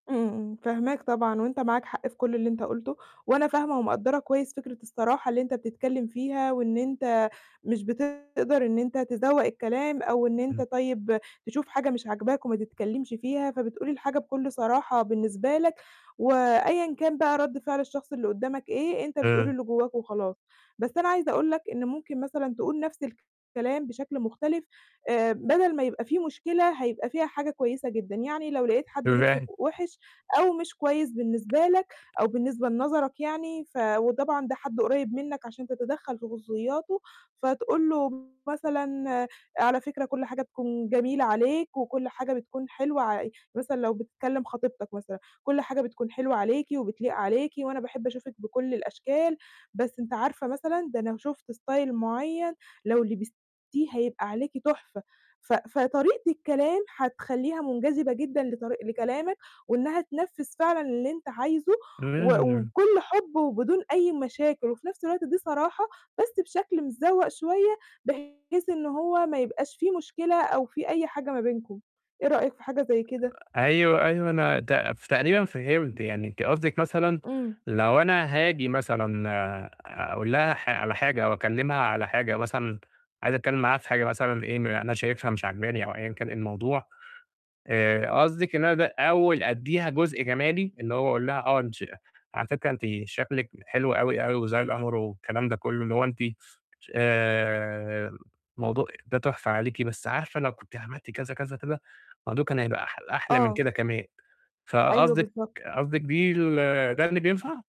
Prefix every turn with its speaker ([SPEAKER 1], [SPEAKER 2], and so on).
[SPEAKER 1] إمم، فاهماك طبعًا، وأنت معاك حق في كل اللي أنت قُلته، وأنا فاهمة ومقدرة كويس فكرة الصراحة اللي أنت بتتكلم فيها، وإن أنت مش بتقدر إن أنت تذوّق الكلام، أو أنت
[SPEAKER 2] إمم.
[SPEAKER 1] طيب تشوف حاجة مش عاجباك وما تتكلمش فيها، فبتقول لي الحاجة بكل صراحة بالنسبة لك، وأيًا كان بقى رد فعل الشخص اللي قدامك إيه، أنت بتقول
[SPEAKER 2] آآ
[SPEAKER 1] اللي جواك وخلاص. بس أنا عايزة أقول لك إن ممكن مثلًا تقول نفْس الكلام بشكل مختلف، آآ بدل ما يبقى فيه مشكلة هيبقى فيها حاجة كويسة جدًا، يعني لو لقيت حد لبسه
[SPEAKER 2] إزاي.
[SPEAKER 1] ك وحِش أو مش كويس بالنسبة لك أو بالنسبة لنظرك يعني، ف وطبعًا ده حد قريب منك عشان تتدخل في خصوصياته، فتقول له مثلًا: "على فكرة كل حاجة تكون جميلة عليك وكل حاجة بتكون حلوة ع" مثلًا لو بتكلم خطيبتك مثلًا: "كل حاجة بتكون حلوة عليكِ وبتليق عليكِ، وأنا باحب أشوفِك بكل الأشكال، بس أنتِ عارفة مثلًا ده لو شفتِ style معيّن لو لبستِيه هيبقى عليكِ تحفة." ف فطريقة الكلام هتخليها منجذبة جدًا لطري لكلامك وإنها تنفذ فعلًا اللي أنت عايزه و
[SPEAKER 2] [unintelligible]
[SPEAKER 1] وبكل حب وبدون أي مشاكل، وفي نفْس الوقت دي صراحة بس بشكل متذوَق شوية بحيث إن هو ما يبقاش فيه مشكلة أو فيه أي حاجة ما بينكم، إيه رأيك في حاجة زي كده؟
[SPEAKER 2] آآ أيوه، أيوه أنا ت ف تقريبًا فهمت، يعني أنتِ قصدِك مثلًا
[SPEAKER 1] إمم.
[SPEAKER 2] لو أنا هاجي مثلًا آآ، أقول لها حا على حاجة أو أكلمها على حاجة مثلًا عايز أتكلم معاها في حاجة مثلًا في إيه أنا شايفها مش عاجباني، أو أيًا كان إيه الموضوع آآ، قصدِك إن ده أول أديها جزء جمالي، اللي هو أقول لها آه انتش على فكرة أنتِ شكلِك حلو أوي، أوي والأمر والكلام ده كله، اللي هو أنتِ ش آآ، موضوع ده تحفة عليكِ بس عارفة لو كنتِ عملتِ كذا كذا، كذا، الموضوع كان هيبقى أحل أحلى من
[SPEAKER 1] آه.
[SPEAKER 2] كده كمان،
[SPEAKER 1] أيوه
[SPEAKER 2] فقصدِك
[SPEAKER 1] بالضبط.
[SPEAKER 2] قصدِك بيه ده اللي بينفع.